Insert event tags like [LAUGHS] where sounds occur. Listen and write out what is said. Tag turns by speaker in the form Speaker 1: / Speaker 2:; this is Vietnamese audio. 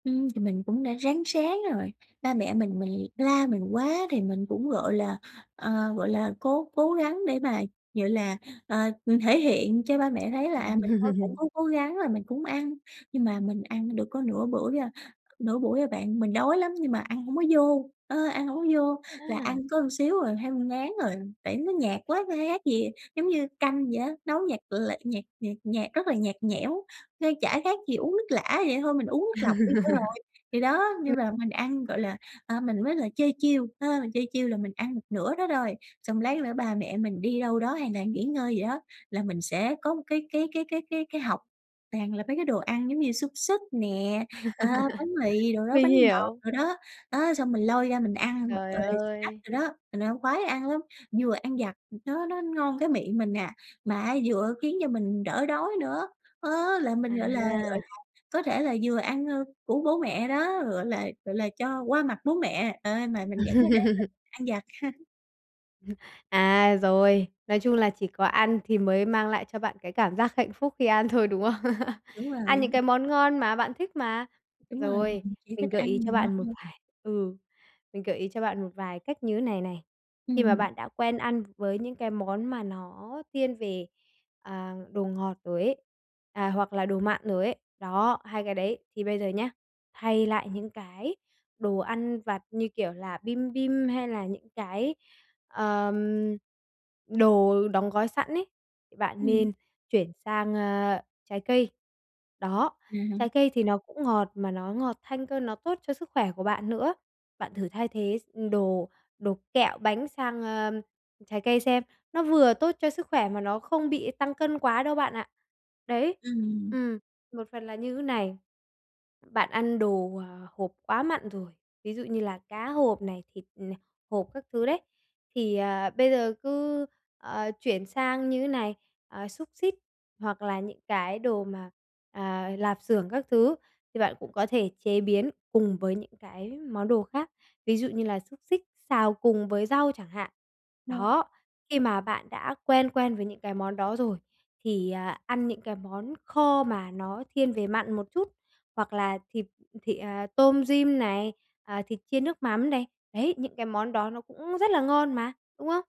Speaker 1: Ừm, thì mình cũng đã ráng ráng rồi. Ba mẹ mình mình la mình quá thì mình cũng, gọi là, ờ, gọi là, cố cố gắng để mà, gọi là, ờ, thể hiện cho ba mẹ thấy là, à, mình con cũng
Speaker 2: Ừm.
Speaker 1: có cố gắng là mình cũng ăn, nhưng mà mình ăn được có nửa bưởi à nửa buổi à bạn. Mình đói lắm nhưng mà ăn hổng có vô, ơ, ăn hổng có vô, là ăn
Speaker 2: A!
Speaker 1: có xíu à, thấy ngán rồi. Tại nó nhạt quá, kh khác gì giống như canh vậy á, nấu nhạt l nhạt nhạt nhạt, rất là nhạt nhẽo, nên chả khác gì uống nước lã, vậy thôi mình uống nước lọc đi cho rồi. Thì đó,
Speaker 2: [LAUGHS]
Speaker 1: nhưng
Speaker 2: M
Speaker 1: mà mình ăn, gọi là, à, mình mới lại chơi chiêu, ha, chơi chiêu là mình ăn một nửa đó rồi, xong lát nữa ba mẹ mình đi đâu đó hay là nghỉ ngơi gì đó, là mình sẽ có một cái cái cái cái cái cái hộc toàn là mấy cái đồ ăn giống như xúc xích nè, ờ, bánh mì
Speaker 2: [LAUGHS]
Speaker 1: đồ đó,
Speaker 2: Mình
Speaker 1: bánh ngọt
Speaker 2: hiểu.
Speaker 1: đồ đó. Đó xong mình lôi ra mình ăn b
Speaker 2: Trời
Speaker 1: rồi snack
Speaker 2: ơi!
Speaker 1: đồ đó, mình ăn khoái ăn lắm. Vừa ăn vặt nó nó ngon cái miệng mình nà, mà á vừa khiến cho mình đỡ đói nữa, á, là mình, gọi là gọi
Speaker 2: À.
Speaker 1: là, có thể là vừa ăn ơ của bố mẹ đó, gọi là gọi là, cho qua mặt bố mẹ, à, mà mình vẫn có thể
Speaker 2: [LAUGHS]
Speaker 1: ăn được ăn vặt. [LAUGHS]
Speaker 2: [CHUCKLES] À, rồi, nói chung là chỉ có ăn thì mới mang lại cho bạn cái cảm giác hạnh phúc khi ăn thôi, đúng không? [LAUGHS]
Speaker 1: Đúng
Speaker 2: Ăn những
Speaker 1: rồi.
Speaker 2: cái món ngon mà bạn thích mà.
Speaker 1: Đúng rồi,
Speaker 2: Rồi,
Speaker 1: mình chỉ
Speaker 2: mình
Speaker 1: thích
Speaker 2: gợi ý
Speaker 1: ăn
Speaker 2: cho
Speaker 1: đồ
Speaker 2: bạn một
Speaker 1: thôi.
Speaker 2: vài ừ, mình gợi ý cho bạn một vài cách như này này. Khi mà
Speaker 1: Ừm.
Speaker 2: bạn đã quen ăn với những cái món mà nó thiên về, à, đồ ngọt rồi ấy, à, hoặc là đồ mặn rồi ấy, đó, hai cái đấy. Thì bây giờ nhá, hay lại những cái đồ ăn vặt như kiểu là bim bim hay là những cái, ờm, đồ đóng gói sẵn ấy, bạn
Speaker 1: Ừm.
Speaker 2: nên chuyển sang, ờ, trái cây. Đó, trái
Speaker 1: À.
Speaker 2: cây thì nó cũng ngọt mà nó ngọt thanh cơ, nó tốt cho sức khỏe của bạn nữa. Bạn thử thay thế s đồ đồ kẹo bánh sang, ờ, trái cây xem. Nó vừa tốt cho sức khỏe mà nó không bị tăng cân quá đâu bạn ạ. Đấy,
Speaker 1: Ừm.
Speaker 2: ừm, một phần là như thế này. Bạn ăn đồ, ờ, hộp quá mặn rồi, ví dụ như là cá hộp này, thịt, ờ, hộp các thứ đấy. Thì, ờ, bây giờ cứ, ờ, chuyển sang như này, ờ, xúc xích hoặc là những cái đồ mà, ờ, lạp xưởng các thứ thì bạn cũng có thể chế biến cùng với những cái món đồ khác. Ví dụ như là xúc xích xào cùng với rau chẳng hạn.
Speaker 1: [UNINTELLIGIBLE]
Speaker 2: Đó, khi mà bạn đã quen quen với những cái món đó rồi, thì, à, ăn những cái món kho mà nó thiên về mặn một chút, hoặc là thịt thị, à, tôm rim này, ờ, thịt chiên nước mắm này. Đấy, những cái món đó nó cũng rất là ngon mà, đúng không?